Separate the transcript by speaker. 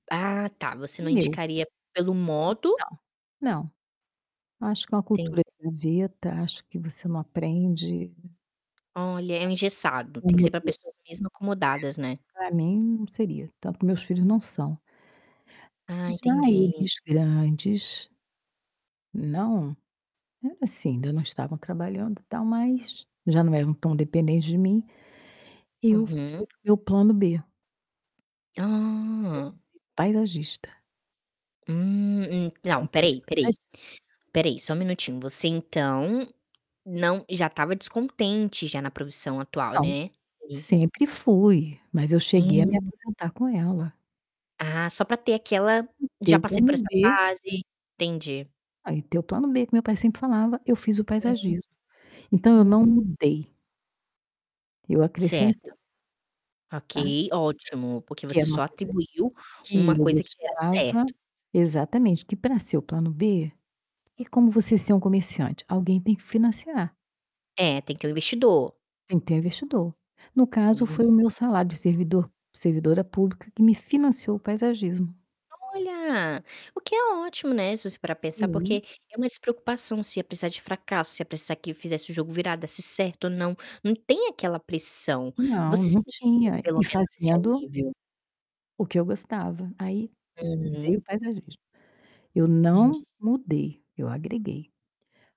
Speaker 1: Ah tá, você
Speaker 2: O
Speaker 1: não
Speaker 2: Meu.
Speaker 1: indicaria pelo
Speaker 2: Hum
Speaker 1: modo?
Speaker 2: não, não. Acho que é uma cultura
Speaker 1: Entendi.
Speaker 2: [unintelligible] acho que você não aprende.
Speaker 1: Olha, é um
Speaker 2: Então acho que
Speaker 1: engessado,
Speaker 2: o
Speaker 1: tem que ser para
Speaker 2: modelo
Speaker 1: pessoas mesmo acomodadas, né.
Speaker 2: é, pra mim não seria. Tanto que meus filhos não são
Speaker 1: Ah,
Speaker 2: já
Speaker 1: entendi.
Speaker 2: eles grandes não. É, assim, ainda não estavam trabalhando e tal, mas já não eram tão dependentes de mim, eu
Speaker 1: Uhum.
Speaker 2: fui para o meu plano B. Foi
Speaker 1: Ah.
Speaker 2: ser paisagista.
Speaker 1: Hum, en
Speaker 2: Fazer
Speaker 1: não,
Speaker 2: um
Speaker 1: espera
Speaker 2: curso
Speaker 1: aí,
Speaker 2: de
Speaker 1: espera
Speaker 2: paisagismo.
Speaker 1: aí. Espera aí, só 1 minutinho, você então, não já estava descontente, já, na profissão atual,
Speaker 2: Não,
Speaker 1: né, e
Speaker 2: sempre fui, mas eu cheguei a me
Speaker 1: Hum.
Speaker 2: aposentar com ela.
Speaker 1: Ah, só para ter aquela:
Speaker 2: Em ter
Speaker 1: "Já
Speaker 2: o
Speaker 1: passei por
Speaker 2: plano
Speaker 1: essa
Speaker 2: B
Speaker 1: fase", entendi.
Speaker 2: Ai e ter o plano B que meu pai sempre falava, eu fiz o
Speaker 1: Hum.
Speaker 2: paisagismo. Então eu não
Speaker 1: Hum.
Speaker 2: mudei eu acrescentei.
Speaker 1: Certo.
Speaker 2: Tá.
Speaker 1: Ok, ótimo, porque
Speaker 2: Que
Speaker 1: você
Speaker 2: era uma
Speaker 1: só
Speaker 2: coisa
Speaker 1: atribuiu
Speaker 2: que
Speaker 1: uma
Speaker 2: eu
Speaker 1: coisa que era
Speaker 2: gostava
Speaker 1: certo.
Speaker 2: exatamente, que para ser o plano B, é como você ser um comerciante, alguém tem que financiar.
Speaker 1: É, tem que ter um investidor.
Speaker 2: Tem que ter investidor. No caso,
Speaker 1: Hum.
Speaker 2: foi o meu salário de servidor servidora pública que me financiou o paisagismo.
Speaker 1: Olha! O que é ótimo, né, se você parar pensar.
Speaker 2: Sim.
Speaker 1: Porque é uma despreocupação, se ia precisar de fracasso, se ia precisar que fizesse o jogo virar, desse certo ou não, não tem aquela pressão.
Speaker 2: Não,
Speaker 1: Você
Speaker 2: não
Speaker 1: sentia
Speaker 2: tinha.
Speaker 1: pelo
Speaker 2: E
Speaker 1: menos esse
Speaker 2: fazendo
Speaker 1: alívio?
Speaker 2: o que eu gostava. Aí, veio
Speaker 1: Uhum.
Speaker 2: o paisagismo. Eu
Speaker 1: Entendi.
Speaker 2: não mudei, eu agreguei.